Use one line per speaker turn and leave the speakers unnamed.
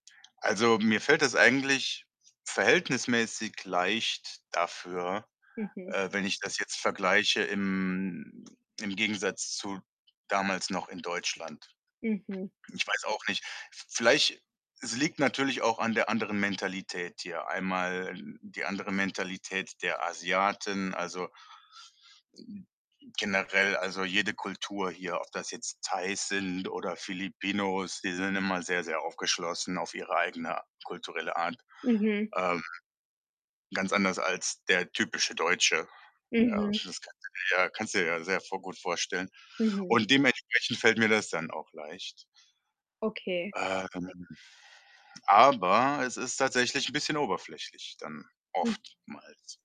Also, mir fällt es eigentlich verhältnismäßig leicht dafür,
Mhm.
äh, wenn ich das jetzt vergleiche im im Gegensatz zu damals noch in Deutschland.
Mhm.
Ich weiß auch nicht. V vielleicht es liegt natürlich auch an der anderen Mentalität hier. Einmal die andere Mentalität der Asiaten, also generell. Also, jede Kultur hier, ob das jetzt Thais sind oder Filipinos, die sind immer sehr, sehr aufgeschlossen, auf ihre eigene kulturelle Art,
Mhm.
ähm, ganz anders als der typische Deutsche. Ja,
Mhm.
das kannst du dir ja kannst du dir ja sehr v gut vorstellen
Mhm.
und dementsprechend fällt mir das dann auch leicht.
Okay.
Ähm, aber es ist tatsächlich 'n bisschen 'n oberflächlich dann
[unintelligible]
oftmals.